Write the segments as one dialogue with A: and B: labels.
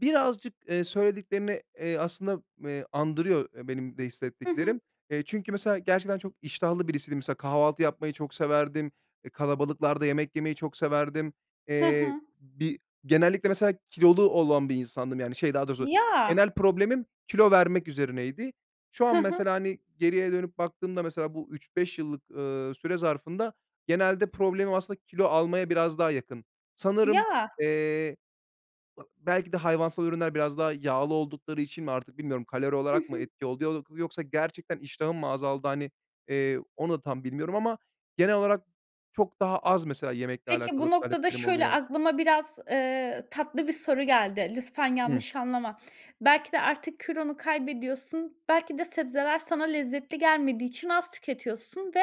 A: Birazcık, eee, söylediklerine, eee, aslında, eee, andırıyor, eee, benim de
B: Hı hı.
A: hissettiklerim. Eee, çünkü mesela gerçekten çok iştahlı birisiydim. Mesela kahvaltı yapmayı çok severdim, eee, kalabalıklarda yemek yemeyi çok severdim.
B: Hı
A: Eee,
B: hı.
A: bir genellikle mesela kilolu olan bir insandım yani, şey, daha doğrusu,
B: Ya!
A: genel problemim kilo vermek üzerineydi. Şu
B: Hı
A: an
B: hı.
A: mesela, hani, geriye dönüp baktığımda mesela bu 3-5 yıllık, ııı, süre zarfında genelde problemim aslında kilo almaya biraz daha yakın. Sanırım,
B: Ya.
A: eee, ı belki de hayvansal ürünler biraz daha yağlı oldukları için mi artık bilmiyorum, kalori
B: Hı
A: olarak mı
B: hı.
A: etki oluyodur yoksa gerçekten iştahım mı azaldı, hani, eee, onu tam bilmiyorum ama genel olarak çok daha az, mesela, yemekle
B: Peki,
A: alakalı
B: bu noktada
A: taleplerim
B: şöyle,
A: oluyor.
B: aklıma biraz, eee, tatlı bir soru geldi. Lütfen
A: Hı.
B: yanlış anlama. Belki de artık kilonu kaybediyorsun, belki de sebzeler sana lezzetli gelmediği için az tüketiyorsun ve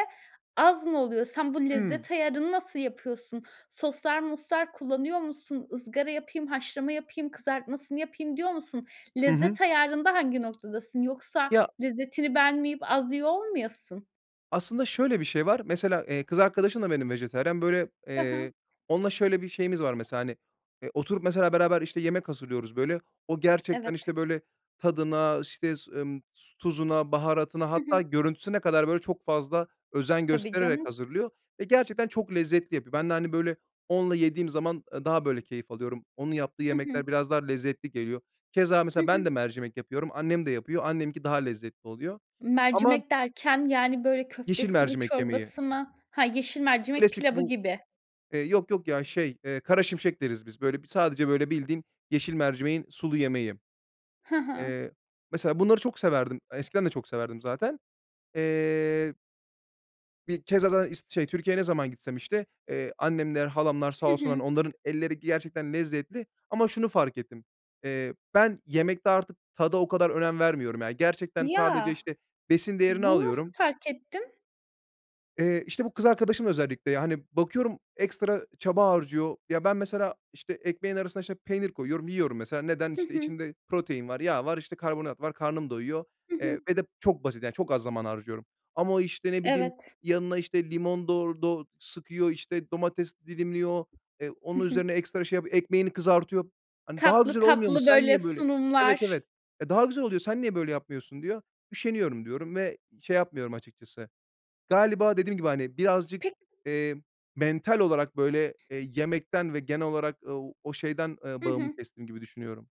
B: az mı oluyor? Sen bu
A: Hımm.
B: lezzet ayarını nasıl yapıyorsun? Soslar moslar kullanıyor musun? Izgara yapayım, haşlama yapayım, kızartmasını yapayım diyor musun?
A: Hı hı.
B: Lezzet ayarında hangi noktadasın? Yoksa
A: Ya
B: lezzetini beğenmeyip az yiyor olmayasın?
A: Aslında şöyle bir şey var: Mesela, eee, kız arkadaşım da benim vejetaryen, böyle,
B: Hı hı.
A: eee, onunla şöyle bir şeyimiz var mesela, hani, eee, oturup mesela beraber, işte, yemek hazırlıyoruz böyle. O gerçekten,
B: Evet.
A: işte, böyle tadına, işte, s ımm tuzuna, baharatına
B: Hı hı.
A: hatta görüntüsüne kadar böyle çok fazla özen
B: Tabii
A: göstererek
B: canım.
A: hazırlıyor ve gerçekten çok lezzetli yapıyor. Ben de, hani, böyle onunla yediğim zaman, eee, daha böyle keyif alıyorum, onun yaptığı
B: Hı hı.
A: yemekler biraz daha lezzetli geliyor. Keza
B: Hı
A: mesela ben de
B: hı.
A: mercimek yapıyorum, annem de yapıyor, anneminki daha lezzetli oluyor. Ama
B: Mercimek derken, yani böyle,
A: Yeşil
B: köftesi mi
A: mercimek yemeği.
B: çorbası mı? Ha, yeşil mercimek
A: Klasik
B: pilavı
A: bu
B: gibi.
A: Eee, yok yok ya, şey, eee, karaşimşek deriz biz böyle b sadece böyle bildiğin yeşil mercimeğin sulu yemeği.
B: Hı hı.
A: Eee, mesela bunları çok severdim, eskiden de çok severdim zaten. Eee. Bir keza za is şey, Türkiye'ye ne zaman gitsem, işte, eee, annemler, halamlar sağ
B: Hı
A: olsunlar,
B: hı.
A: hani, onların elleri gerçekten lezzetli. Ama şunu fark ettim: Eee, ben yemekte artık tada o kadar önem vermiyorum ya. Gerçekten sadece,
B: Ya!
A: işte, besin değerini
B: Bunu nasıl
A: alıyorum.
B: fark ettin?
A: Eee, işte, bu kız arkadaşım özellikle. Yani bakıyorum, ekstra çaba harcıyor. Ya, ben mesela, işte, ekmeğin arasına, işte, peynir koyuyorum, yiyorum mesela. Neden?
B: Hı
A: İşte,
B: hı.
A: içinde protein var, yağ var, işte, karbonat var, karnım doyuyor.
B: Hı hı.
A: Eee, ve de çok basit yani, çok az zaman harcıyorum. Ama o, işte, ne bileyim,
B: Evet.
A: yanına, işte, limon dor do sıkıyor, işte, domates dilimliyor, eee,
B: Hı
A: onun
B: hı.
A: üzerine ekstra şey yapıyor, ekmeğini kızartıyor. Hani daha
B: Tatlı
A: güzel olmuyor mu,
B: tatlı,
A: sen
B: böyle,
A: niye böyle Evet,
B: sunumlar.
A: evet. "E, daha güzel oluyor, sen niye böyle yapmıyorsun?" Diyor. "Üşeniyorum." diyorum ve şey yapmıyorum açıkçası. Galiba dediğim gibi, hani, birazcık,
B: Pe
A: eee, mental olarak böyle, eee, yemekten ve genel olarak, ııı, o şeyden, ııı,
B: I
A: bağımı
B: hı.
A: kestim gibi düşünüyorum.